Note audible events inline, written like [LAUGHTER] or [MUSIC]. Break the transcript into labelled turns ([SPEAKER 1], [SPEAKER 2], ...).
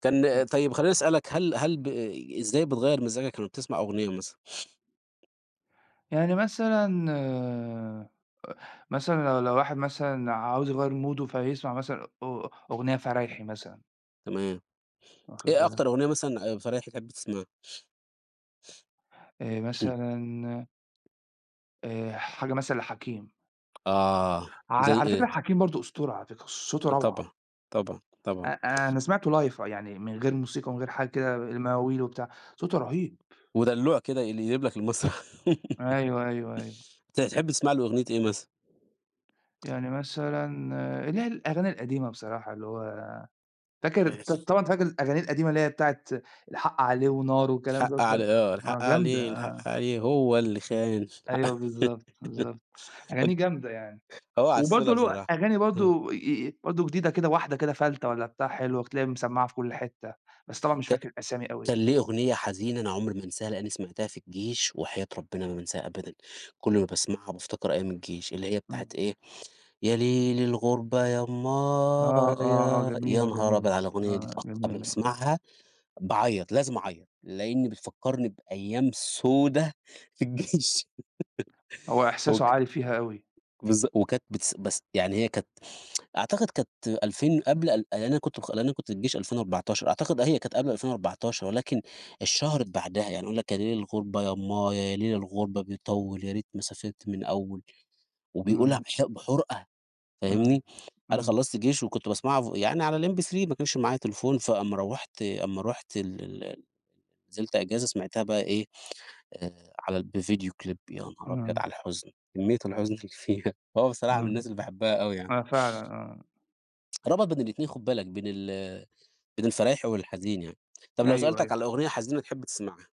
[SPEAKER 1] كان
[SPEAKER 2] [UNINTELLIGIBLE]
[SPEAKER 1] طيّب خلّيني أسألك هل هل ب إزاي بتغيّر مزاجك لمّا بتسمع أغنية مثلًا؟
[SPEAKER 2] يعني مثلًا أ مثلًا لو لو واحد مثلًا عاوز يغيّر مُوده فيسمع مثلًا أ أغنية فرايحي مثلًا.
[SPEAKER 1] تمام،
[SPEAKER 2] واخد
[SPEAKER 1] إيه
[SPEAKER 2] بالك؟
[SPEAKER 1] أكتر أغنية مثلًا آآ، فرايحي تحب تسمعها؟
[SPEAKER 2] آآ،
[SPEAKER 1] [CLEARS THROAT]
[SPEAKER 2] مثلًا آآ، حاجة مثلًا لحكيم.
[SPEAKER 1] آه،
[SPEAKER 2] ع
[SPEAKER 1] زي
[SPEAKER 2] على فكرة
[SPEAKER 1] إيه؟
[SPEAKER 2] حكيم برضو أسطورة على فكرة، صوته
[SPEAKER 1] أ
[SPEAKER 2] روعة.
[SPEAKER 1] طبعًا، طبعًا، طبعًا.
[SPEAKER 2] أ أنا سمعته live يعني من غير موسيقى ومن غير حاجة كده، المواويل وبتاع، صوته رهيب.
[SPEAKER 1] ودلوع كده يقل يقلب لك المسرح. [LAUGHS]
[SPEAKER 2] أيوه، أيوه، أيوه.
[SPEAKER 1] أنت تحب تسمع له أغنية إيه مثلًا؟
[SPEAKER 2] يعني مثلًا اللي هي الأغاني القديمة بصراحة اللي هو، فاكر
[SPEAKER 1] أنا
[SPEAKER 2] ط
[SPEAKER 1] آسف.
[SPEAKER 2] طبعًا فاكر أغانيه القديمة اللي هي بتاعة، الحق عليه ونار وكلام ده،
[SPEAKER 1] الحق عليه،
[SPEAKER 2] [UNINTELLIGIBLE]
[SPEAKER 1] آه،
[SPEAKER 2] آه
[SPEAKER 1] الحق
[SPEAKER 2] جامدة
[SPEAKER 1] عليه
[SPEAKER 2] آه.
[SPEAKER 1] الحق عليه هو اللي خان، الحق،
[SPEAKER 2] أيوه بالضبط، بالضبط،
[SPEAKER 1] [LAUGHS] ق
[SPEAKER 2] أغانيه جامدة يعني،
[SPEAKER 1] هو عسُّولة
[SPEAKER 2] وبرضو له،
[SPEAKER 1] بصراحة،
[SPEAKER 2] أغاني
[SPEAKER 1] امم.
[SPEAKER 2] برضو أ أ برضو جديدة كده واحدة كده فَلتة والّا بتاع حلو هتلاقيها مِسمعة في كل حتّة، بس طبعًا مش
[SPEAKER 1] ك
[SPEAKER 2] فاكر الأسامي أوي
[SPEAKER 1] كان
[SPEAKER 2] يعني.
[SPEAKER 1] ليه أغنية حزينة أنا عمري ما أنساها لأني سمعتها في الجيش، وحياة ربنا ما بانساها أبدًا، كل ما باسمعها بافتكر أيّام الجيش، اللي هي بتاعة
[SPEAKER 2] امم.
[SPEAKER 1] إيه، يا لِيل الغُربة يا
[SPEAKER 2] آه، آه، آه،
[SPEAKER 1] امآيا، يا
[SPEAKER 2] جميلة،
[SPEAKER 1] نهار
[SPEAKER 2] جميلة،
[SPEAKER 1] أبيض على الأغنية دي
[SPEAKER 2] آه
[SPEAKER 1] تقطّع لما
[SPEAKER 2] جميلة أوي.
[SPEAKER 1] باسمعها، باعيّط لازم أعيط، لأني بتفكرني بأيام سودة، في الجيش،
[SPEAKER 2] هو
[SPEAKER 1] [LAUGHS]
[SPEAKER 2] إحساسه
[SPEAKER 1] وك
[SPEAKER 2] عالي فيها أوي.
[SPEAKER 1] بالظ وكانت بتس بس يعني هي كانت [TSK] أعتقد كانت ألفين قبل ال يعني أنا كُنت أنا كُنت في الجيش 2014 أعتقد أهي كانت قبل 2014 ولكن، اتشهرت بعدها، يعني يقول لك يا لِيل الغُربة يا امآيا يا لِيل الغُربة بيطول يا ريت ما سافرت من الأوّل، وبيقولها
[SPEAKER 2] امم.
[SPEAKER 1] بح بِحرقة،
[SPEAKER 2] امم،
[SPEAKER 1] فاهمني، أنا
[SPEAKER 2] امم.
[SPEAKER 1] خلصت جيش وكُنت باسمعها ف يعني على الMP3 ما كانش معايا تليفون فأما روّحت أمّا رُحت ال ال ال نزلت أجازة سمعتها بقى إيه، آآ على ال بفيديو كليب يا نهار أبيض
[SPEAKER 2] اهم.
[SPEAKER 1] على الحزن، كميّة الحزن اللي فيها، هو بصراحة من الناس
[SPEAKER 2] امم،
[SPEAKER 1] اللي باحبها أوي يعني.
[SPEAKER 2] آه فعلًا آه.
[SPEAKER 1] ربط بين الاتنين خُد بالك بين ال بين الفرايحى والحزين يعني، طَب
[SPEAKER 2] أيوه،
[SPEAKER 1] لو سألتك
[SPEAKER 2] أيوه.
[SPEAKER 1] على أغنية حزينة تحب تسمعها؟